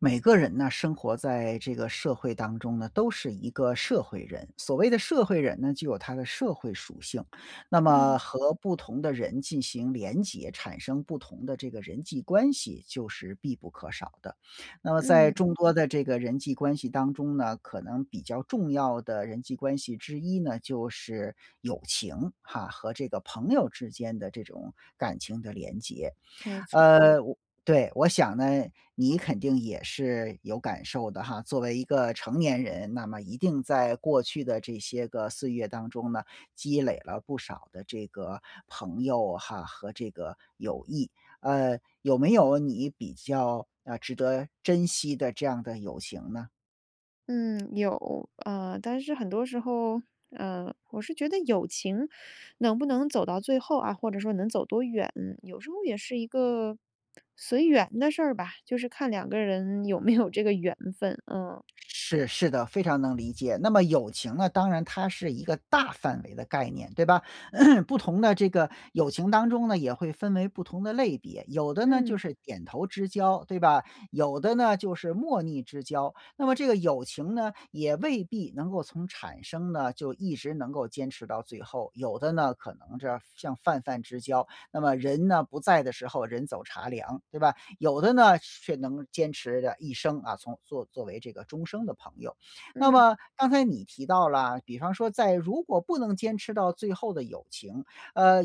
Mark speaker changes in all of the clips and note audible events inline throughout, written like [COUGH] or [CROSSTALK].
Speaker 1: 每个人呢，生活在这个社会当中呢，都是一个社会人。所谓的社会人呢，就有他的社会属性。那么
Speaker 2: 嗯。
Speaker 1: 和不同的人进行联结，产生不同的这个人际关系就是必不可少的。那么在
Speaker 2: 嗯。
Speaker 1: 众多的这个人际关系当中呢，可能比较重要的人际关系之一呢，就是友情哈，和这个朋友之间的这种感情的联结。
Speaker 2: 没错。
Speaker 1: 呃对，我想呢，你肯定也是有感受的哈。作为一个成年人，那么一定在过去的这些个岁月当中呢，积累了不少的这个朋友哈，和这个友谊。呃有没有你比较呃值得珍惜的这样的友情呢？
Speaker 2: 嗯，有。呃但是很多时候，呃我是觉得友情能不能走到最后啊，或者说能走多远，有时候也是一个随缘的事儿吧。就是看2个人有没有这个缘分，嗯。
Speaker 1: 是是的，非常能理解。那么友情呢，当然它是一个大范围的概念，对吧？[CLEARS THROAT] 不同的这个友情当中呢，也会分为不同的类别，有的呢就
Speaker 2: 嗯。
Speaker 1: 是点头之交，对吧？有的呢就是莫逆之交。那么这个友情呢，也未必能够从产生呢，就一直能够坚持到最后。有的呢，可能是像泛泛之交，那么人呢，不在的时候人走茶凉，对吧？有的呢，却能坚持着一生，啊，从作作为这个终生的朋友。那
Speaker 2: 嗯。
Speaker 1: 么刚才你提到了，比方说在如果不能坚持到最后的友情，呃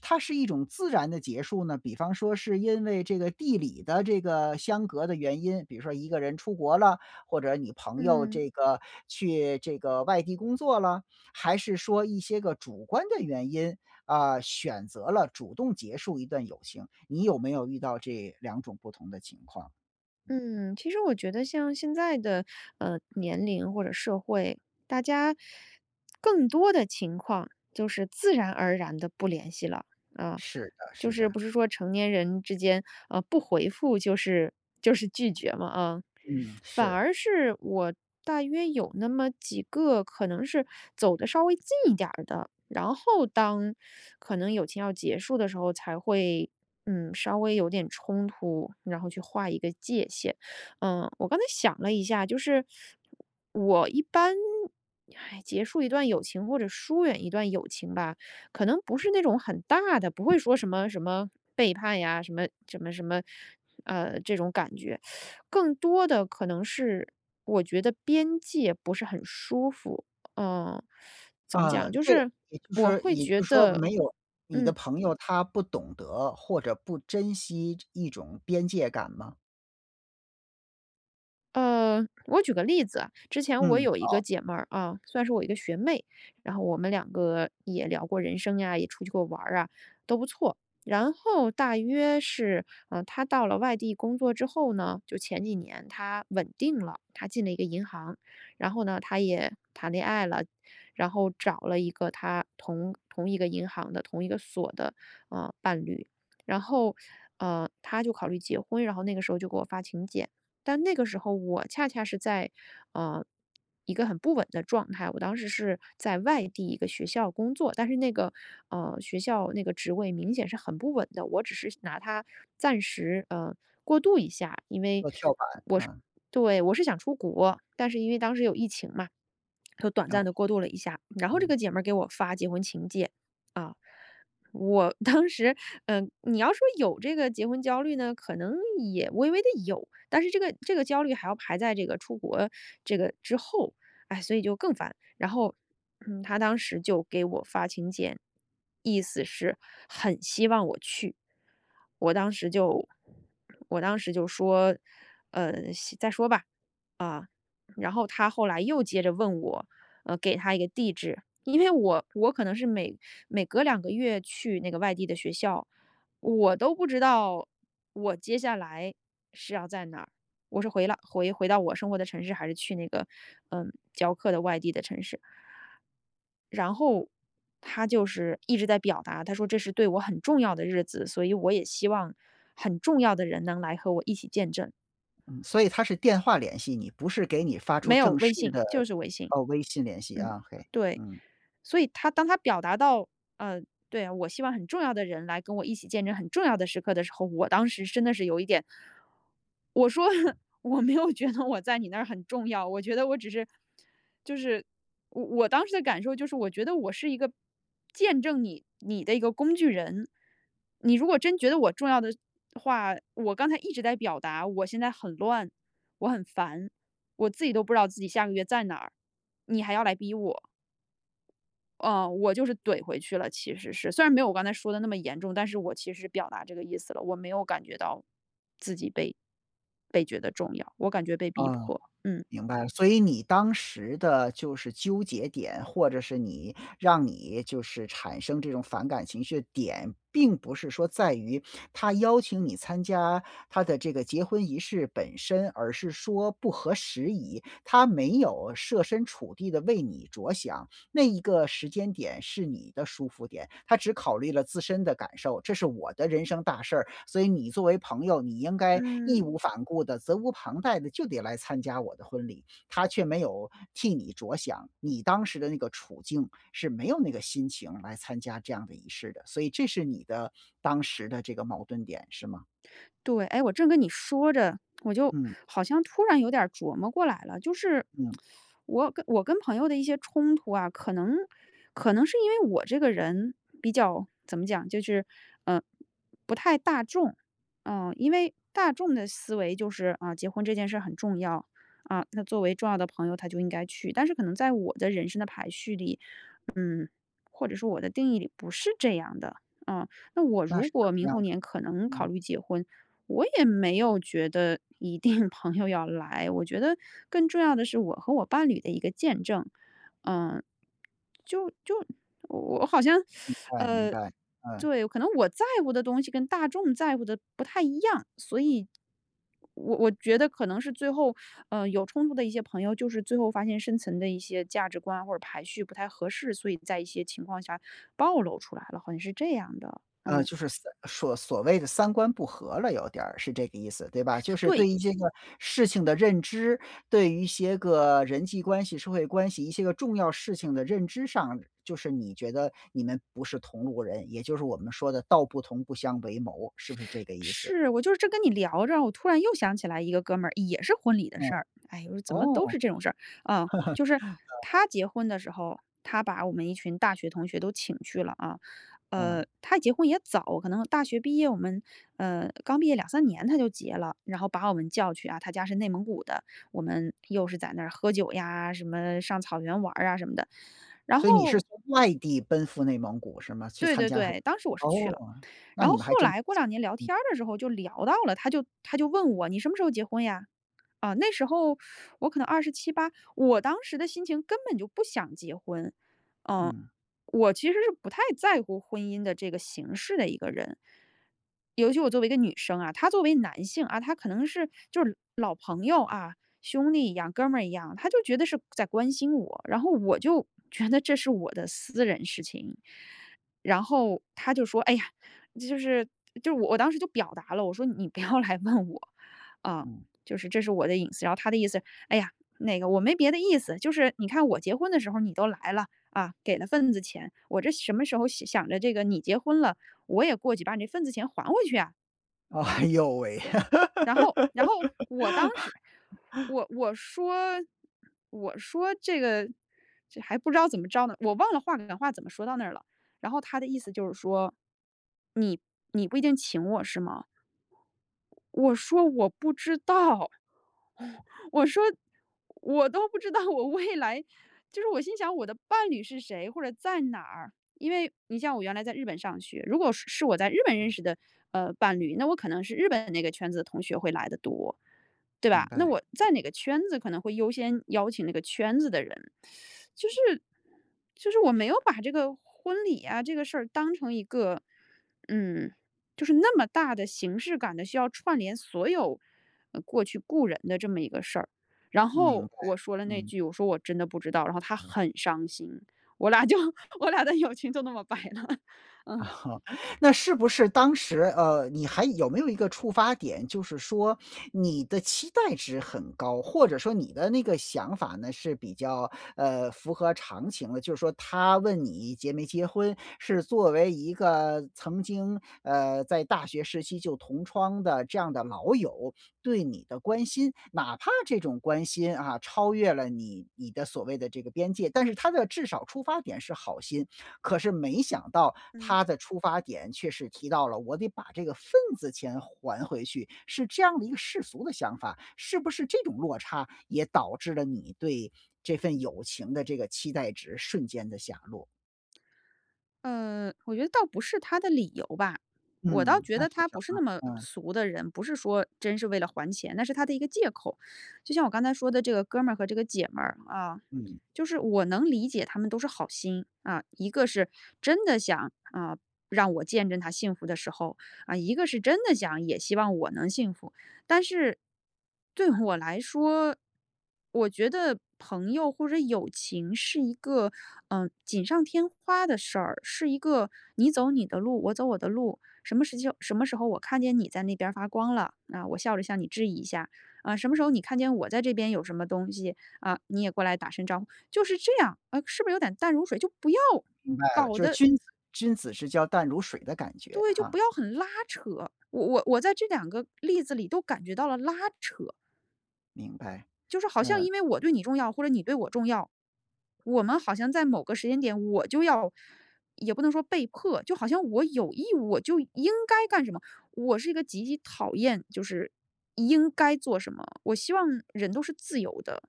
Speaker 1: 它是一种自然的结束呢，比方说是因为这个地理的这个相隔的原因，比如说一个人出国了，或者你朋友
Speaker 2: 嗯。
Speaker 1: 这个去这个外地工作了？还是说一些个主观的原因，啊选择了主动结束一段友情。你有没有遇到这2种不同的情况？
Speaker 2: 嗯，其实我觉得像现在的呃年龄或者社会，大家更多的情况就是自然而然地不联系了。啊
Speaker 1: 是的
Speaker 2: 就
Speaker 1: 是
Speaker 2: 是
Speaker 1: 的。
Speaker 2: 不是说成年人之间，啊不回复就是就是拒绝嘛，啊。
Speaker 1: 嗯，
Speaker 2: 反
Speaker 1: 是。
Speaker 2: 而是我大约有那么几个可能是 [SUCKS TEETH] 走得稍微近一点儿的，然后当 [SUCKS TEETH] 可能友情要结束的时候，才会嗯稍微有点冲突，然后去划一个界限。[SUCKS TEETH] 呃我刚才想了一下，就是 [SUCKS TEETH] 我一般 [SIGHS] 结束一段友情或者疏远一段友情吧，可能不是那种很大的，不会说什么什么背叛呀，什么什么什么呃这种感觉。[SUCKS TEETH] 更多的可能是我觉得边界不是很舒服，呃 [SUCKS TEETH] 怎么
Speaker 1: 啊，
Speaker 2: 讲？就
Speaker 1: 这个
Speaker 2: 是
Speaker 1: 也就是
Speaker 2: 我
Speaker 1: 说
Speaker 2: 会
Speaker 1: 也就
Speaker 2: 觉
Speaker 1: 是说
Speaker 2: 得
Speaker 1: 没有你的
Speaker 2: 嗯。
Speaker 1: 朋友，他不懂得或者不珍惜一种边界感吗？
Speaker 2: 呃，我举个例子啊，之前我
Speaker 1: 嗯，
Speaker 2: 有一个
Speaker 1: 好。
Speaker 2: 姐妹儿啊，算是我一个学妹，然后我们2个也聊过人生呀，也出去过玩儿啊，都不错。然后大约是呃，她到了外地工作之后呢，就前几年，她稳定了，她进了一个银行。然后呢，她也谈恋爱了，然后找了一个她同同一个银行的同一个所的，嗯，伴侣。然后，[SUCKS TEETH] 呃，她就考虑结婚，然后那个时候就给我发请柬。但那个时候我恰恰是在，呃一个很不稳的状态。我当时是在外地一个学校工作，但是那个，呃学校那个职位明显是很不稳的，我只是拿它暂时，呃，过渡一下，因为
Speaker 1: 做跳板
Speaker 2: 我是
Speaker 1: 啊。
Speaker 2: 对我是想出国。但是因为当时有疫情嘛，就短
Speaker 1: 哦。
Speaker 2: 暂地过渡了一下。然后这
Speaker 1: 嗯。
Speaker 2: 个姐妹儿给我发结婚请柬，啊。我当时呃，你要说有这个结婚焦虑呢，可能也微微地有，但是这个这个焦虑还要排在这个出国这个之后。唉，所以就更烦。然后，嗯，她当时就给我发请柬，意思是很希望我去。我当时就我当时就说：“呃，先再说吧。”啊，然后她后来又接着问我，呃，给她一个地址，因为我我可能是每每隔2个月去那个外地的学校，我都不知道，我接下来是要在哪儿。我是回来回回到我生活的城市，还是去那个，呃，教课的外地的城市。然后她就是一直在表达，她说：“这是对我很重要的日子，所以我也希望，很重要的人能来和我一起见证。”
Speaker 1: 嗯，所以她是电话联系你，不是给你发出
Speaker 2: 没有，
Speaker 1: 正
Speaker 2: 微
Speaker 1: 式
Speaker 2: 信，
Speaker 1: 的
Speaker 2: 就是微信。
Speaker 1: 哦，微信联系
Speaker 2: 嗯，
Speaker 1: 啊，ok，
Speaker 2: 对，
Speaker 1: 嗯。
Speaker 2: 所以她当她表达到，呃对啊，我希望很重要的人来跟我一起见证很重要的时刻的时候，我当时真的是有一点我说，我没有觉得我在你那儿很重要，我觉得我只是就是我我当时的感受就是我觉得我是一个见证你你的一个工具人。你如果真觉得我重要的话，我刚才一直在表达，我现在很乱、我很烦，我自己都不知道自己下个月在哪儿，你还要来逼我。哦，我就是怼回去了，其实是。虽然没有我刚才说得那么严重，但是我其实是表达这个意思了。我没有感觉到自己被被觉得重要，我感觉被逼
Speaker 1: 哦。
Speaker 2: 迫，嗯。
Speaker 1: 明白了，所以你当时的就是纠结点，或者是你让你就是产生这种反感情绪的点，并不是说在于 [SNIFFS] 她邀请你参加她的这个结婚仪式本身，而是说不合时宜。她没有设身处地地为你着想，[SNIFFS] 那一个时间点是你的舒服点，她只考虑了自身的感受。这是我的人生大事儿，所以你作为朋友，你应该义
Speaker 2: 嗯。
Speaker 1: 无反顾地、责无旁贷地就得来参加我的婚礼。她却没有替你着想，你当时的那个处境，是没有那个心情来参加这样的仪式的。所以这是你的当时的这个矛盾点是吗？
Speaker 2: 对，哎，我正跟你说着，我就
Speaker 1: 嗯。
Speaker 2: 好像突然有点儿琢磨过来了。就是
Speaker 1: 嗯。
Speaker 2: [SUCKS TEETH] 我跟我跟朋友的一些冲突啊，可能可能是因为我这个人比较怎么讲就是，呃，不太大众，啊。因为大众的思维就是，啊，结婚这件事儿很重要，啊，那作为重要的朋友，她就应该去。但是可能在我的人生的排序里，嗯，或者说我的定义里不是这样的，啊，那我
Speaker 1: 那
Speaker 2: 如
Speaker 1: 是怎
Speaker 2: 果
Speaker 1: 么
Speaker 2: 明
Speaker 1: 样
Speaker 2: 后
Speaker 1: 的
Speaker 2: 年
Speaker 1: 呢？
Speaker 2: 可能考
Speaker 1: 嗯。
Speaker 2: 虑结婚，我也没有觉得一定朋友要来。我觉得更重要的是我和我伴侣的一个见证。呃就就我好像
Speaker 1: 明
Speaker 2: [SUCKS TEETH]
Speaker 1: 白明
Speaker 2: 呃
Speaker 1: 白，嗯。
Speaker 2: 对，可能我在乎的东西跟大众在乎的不太一样，所以我我觉得可能是最后呃，有冲突的一些朋友就是最后发现生存的一些价值观或者排序不太合适，所以在一些情况下暴露出来了，好像是这样的，
Speaker 1: 呃，
Speaker 2: 嗯。
Speaker 1: 就是所所所谓的三观不和了有点儿，是这个意思，对吧？就是
Speaker 2: 对。
Speaker 1: 对于这个事情的认知，对于一些个人际关系、社会关系一些个重要事情的认知上，就是你觉得你们不是同路人，也就是我们说的“道不同，不相为谋”，是不是这个意思？
Speaker 2: 是，我就是这跟你聊着，我突然又想起来一个哥们儿，也是婚礼的
Speaker 1: 嗯。
Speaker 2: 事儿。哎哟，怎么都
Speaker 1: 哦。
Speaker 2: 是这种事儿，啊。就是
Speaker 1: [LAUGHS]
Speaker 2: 他结婚的时候他把我们一群大学同学都请去了啊。
Speaker 1: 啊。
Speaker 2: 呃，他结婚也早，可能大学毕业我们呃，刚毕业2-3年他就结了。然后把我们叫去啊，他家是内蒙古的，我们又是在那儿喝酒呀，什么上草原玩儿啊什么的。然
Speaker 1: 所以你是
Speaker 2: 后
Speaker 1: 从外地奔赴内蒙古是吗？去
Speaker 2: 对
Speaker 1: 参
Speaker 2: 对
Speaker 1: 加他
Speaker 2: 对，当时我是去
Speaker 1: 哦，
Speaker 2: 了。
Speaker 1: 那
Speaker 2: 然后
Speaker 1: 你们还
Speaker 2: 后
Speaker 1: 真
Speaker 2: 来过2年聊
Speaker 1: 嗯。
Speaker 2: 天儿的时候就聊到了，他就他就问我：”你什么时候结婚呀？“啊，那时候 [SUCKS TEETH] 我可能27-28，我当时的心情根本就不想结婚。嗯，
Speaker 1: 嗯。
Speaker 2: 我其实是不太在乎婚姻的这个形式的一个人。尤其我作为一个女生啊他作为男性啊，他可能是就是老朋友啊，兄弟一样、哥们儿一样，他就觉得是在关心我。然后我就觉得这是我的私人事情。然后他就说，哎呀，这就是就是我我当时就表达了，我说：“你不要来问我啊，
Speaker 1: 嗯。
Speaker 2: 就是这是我的隐私。”然后他的意思：”哎呀，那个我没别的意思，就是你看我结婚的时候你都来了，啊，给了份子钱。我这什么时候想着这个你结婚了，我也过去把你那份子钱还回去啊。“
Speaker 1: 哎哟喂。
Speaker 2: 然后然后我当时，
Speaker 1: [LAUGHS]
Speaker 2: 我我说我说这个这还不知道怎么着呢，我忘了话赶话怎么说到那儿了，然后他的意思就是说，你你不一定请我是吗？我说我不知道。[LAUGHS] 我说我都不知道我未来就是我心想我的伴侣是谁，或者在哪儿。因为你像我原来在日本上学。如果是是我在日本认识的呃伴侣，那我可能是日本那个圈子的同学会来得多，对
Speaker 1: 明
Speaker 2: 吧？那
Speaker 1: 白。
Speaker 2: 我在哪个圈子可能会优先邀请那个圈子的人。[SUCKS TEETH] 就是就是我没有把这个婚礼啊这个事儿当成一个，嗯就是那么大的形式感的需要串联所有过去故人的这么一个事儿。然
Speaker 1: 明
Speaker 2: 后
Speaker 1: 白，
Speaker 2: 我说了那
Speaker 1: 嗯。
Speaker 2: 句，我说我真的不知道，然后他很伤心，我俩就我俩的友情就那么掰了，嗯。
Speaker 1: 哦。那是不是当时呃你还有没有一个出发点，就是说你的期待值很高，或者说你的那个想法呢，是比较呃符合常情的，就是说他问你结没结婚是作为一个曾经呃在大学时期就同窗的这样的老友，对你的关心。哪怕这种关心啊，超越了你你的所谓的这个边界，但是他的至少出发点是好心，可是没想到
Speaker 2: 嗯。
Speaker 1: 他的出发点却是提到了我得把这个份子钱还回去，是这样的一个世俗的想法。是不是这种落差也导致了你对这份友情的这个期待值瞬间地下落。
Speaker 2: 呃，我觉得倒不是他的理由吧。我倒
Speaker 1: 嗯，
Speaker 2: 觉
Speaker 1: 那
Speaker 2: 得
Speaker 1: 是
Speaker 2: 他
Speaker 1: 什
Speaker 2: 不是那
Speaker 1: 么？
Speaker 2: 么
Speaker 1: 嗯。
Speaker 2: 俗的人，不是说真是为了还钱，那是他的一个借口。就像我刚才说的这个哥们儿和这个姐们儿啊，
Speaker 1: 嗯。
Speaker 2: 就是我能理解他们都是好心。啊，一个是真的想，啊，让我见证她幸福的时候，啊，一个是真的想也希望我能幸福。但是对我来说，我觉得朋友或者友情是一个，呃，锦上添花的事儿，是一个你走你的路，我走我的路，什么时候什么时候我看见你在那边儿发光了，啊，我笑着向你致意一下。啊，什么时候你看见我在这边有什么东西，啊，你也过来打声招呼。就是这样，呃，是不是有点淡如水，就不要
Speaker 1: 明白了，
Speaker 2: 搞
Speaker 1: 就是
Speaker 2: 得
Speaker 1: 君子君子之交淡如水的感觉
Speaker 2: 对，就
Speaker 1: 哈。
Speaker 2: 不要很拉扯，我我我在这两个例子里都感觉到了拉扯。
Speaker 1: 明白。
Speaker 2: 就是好像
Speaker 1: 嗯。
Speaker 2: 因为我对你重要或者你对我重要，我们好像在某个时间点我就要也不能说被迫。就好像我有义务，我就应该干什么。我是一个极其讨厌，就是应该做什么。我希望人都是自由的，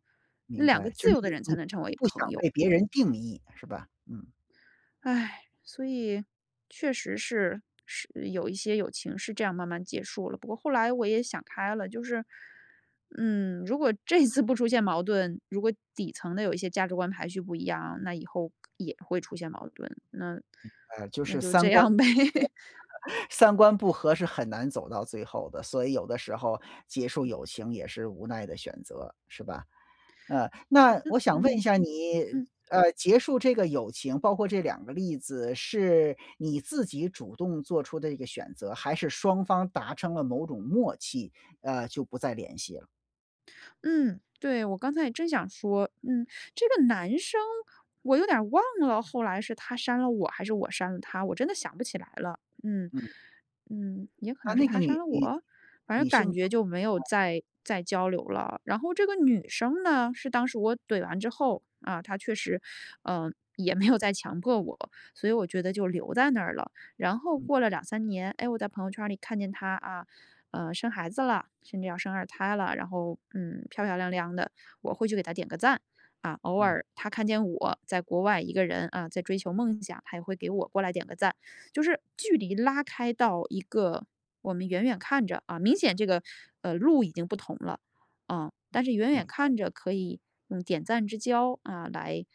Speaker 1: 明
Speaker 2: 两个
Speaker 1: 白，就
Speaker 2: 自
Speaker 1: 是
Speaker 2: 由的人
Speaker 1: 你
Speaker 2: 才
Speaker 1: 你
Speaker 2: 能成为
Speaker 1: 不
Speaker 2: 朋
Speaker 1: 想
Speaker 2: 友。
Speaker 1: 被别人定义，是吧？嗯。
Speaker 2: 唉，所以，确实是是有一些友情是这样慢慢结束了。不过后来我也想开了，就是，嗯，如果这次不出现矛盾，如果底层的有一些价值观排序不一样，那以后也会出现矛盾，那
Speaker 1: 明白，就
Speaker 2: 那
Speaker 1: 是
Speaker 2: 就
Speaker 1: 三
Speaker 2: 这
Speaker 1: 观不
Speaker 2: 样呗。
Speaker 1: 合。三观不合是很难走到最后的，所以有的时候结束友情也是无奈的选择，是吧？呃，
Speaker 2: 好
Speaker 1: 那
Speaker 2: 的，
Speaker 1: 我想问一
Speaker 2: 嗯，
Speaker 1: 下你，
Speaker 2: 嗯。
Speaker 1: 呃，结束这个友情，包括这两个例子，是你自己主动做出的一个选择还是双方达成了某种默契，呃，就不再联系了？
Speaker 2: 嗯，对，我刚才也正想说，嗯，这个男生我有点儿忘了，后来是他删了我，还是我删了他，我真的想不起来了，嗯。
Speaker 1: 嗯。
Speaker 2: 嗯，也可
Speaker 1: 啊，
Speaker 2: 能是
Speaker 1: 那个
Speaker 2: 他删
Speaker 1: 女
Speaker 2: 了
Speaker 1: 女
Speaker 2: 我？反正
Speaker 1: 女性
Speaker 2: 感
Speaker 1: 吗？
Speaker 2: 觉就没有
Speaker 1: 哦。
Speaker 2: 再再交流了。然后这个女生呢，是当时我怼完之后，啊，她确实，呃，也没有再强迫我，所以我觉得就留在那儿了。然后
Speaker 1: 嗯。
Speaker 2: 过了2-3年，哎，我在朋友圈里看见她，啊，呃，生孩子了，甚至要生二胎了，然后，嗯，漂漂亮亮的，我会去给她点个赞。啊，偶
Speaker 1: 嗯。
Speaker 2: 尔她看见我在国外一个人，啊，在追求梦想，她也会给我过来点个赞。就是距离拉开到一个我们远远看着啊，明显这个，呃，路已经不同了，呃，但是远
Speaker 1: 你
Speaker 2: 远
Speaker 1: 很
Speaker 2: 看着可以用点赞之交，啊，来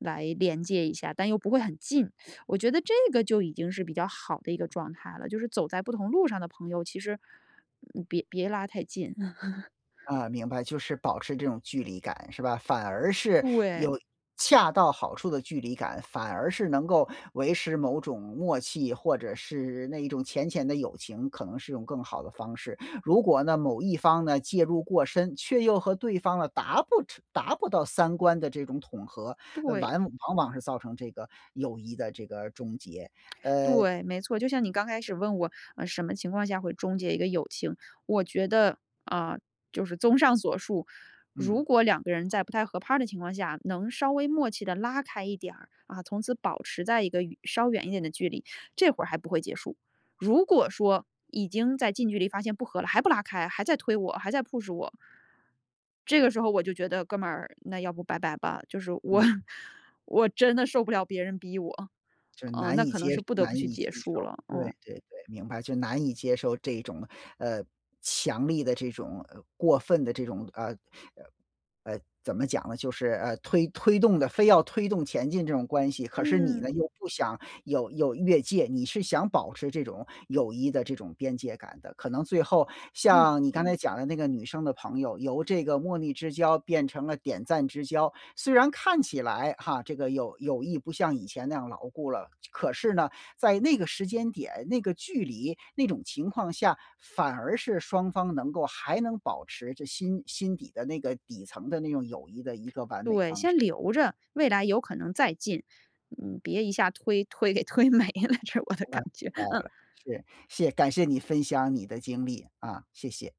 Speaker 2: 来连接一下，但又不会很近。[SUCKS TEETH] 我觉得这个就已经是比较好的一个状态了，就是走在不同路上的朋友其实，嗯，别别拉太近。[LAUGHS]
Speaker 1: 呃，明白，就是保持这种距离感是吧？反而是
Speaker 2: 对。
Speaker 1: 有恰到好处的距离感，反而是能够维持某种默契，或者是那一种浅浅的友情，可能是用更好的方式。如果呢，某一方呢，介入过深，却又和对方呢达不成达不到三观的这种统合，呃，
Speaker 2: 对。
Speaker 1: 完往往是造成这个友谊的这个终结，呃
Speaker 2: 对，没错，就像你刚开始问我：“呃，什么情况下会终结一个友情？”我觉得，啊，就是综上所述，
Speaker 1: 嗯。
Speaker 2: 如果2个人在不太合拍儿的情况下，能稍微默契地拉开一点儿，啊，从此保持在一个远稍远一点的距离，这会儿还不会结束。如果说，已经在近距离发现不和了，还不拉开，还在推我、还在 push 我，这个时候我就觉得：“哥们儿，那要不拜拜吧。”就是我
Speaker 1: 嗯。
Speaker 2: 我真的受不了别人逼我，
Speaker 1: 就是
Speaker 2: 嗯，
Speaker 1: 难
Speaker 2: 那
Speaker 1: 以
Speaker 2: 可能
Speaker 1: 接
Speaker 2: 是不得
Speaker 1: 难
Speaker 2: 不去
Speaker 1: 以接
Speaker 2: 结束
Speaker 1: 受，
Speaker 2: 了，
Speaker 1: 对
Speaker 2: 嗯。
Speaker 1: 对对，明白。就难以接受这种，呃，强力的这种，呃，过分的这种，呃呃呃，怎么讲呢？就是，呃，推推动的非要推动前进这种关系，可是你呢
Speaker 2: 嗯。
Speaker 1: 又不想有有越界，你是想保持这种友谊的这种边界感的。可能最后
Speaker 2: 嗯。
Speaker 1: 像你刚才讲的那个女生的朋友，由这个莫逆之交变成了点赞之交，虽然看起来哈，这个友友谊不像以前那样牢固了，这可是呢，在那个时间点、那个距离、那种情况下，反而是双方能够还能保持着心心底的那个、底层的那种友谊的一个完美
Speaker 2: 对，
Speaker 1: 方式。
Speaker 2: 先留着，未来有可能再进，嗯，别一下推推给推没了，这是我的
Speaker 1: 那
Speaker 2: 感
Speaker 1: 明
Speaker 2: 觉，
Speaker 1: 白
Speaker 2: 嗯。
Speaker 1: 了，是。谢感谢你分享你的经历，啊，谢谢。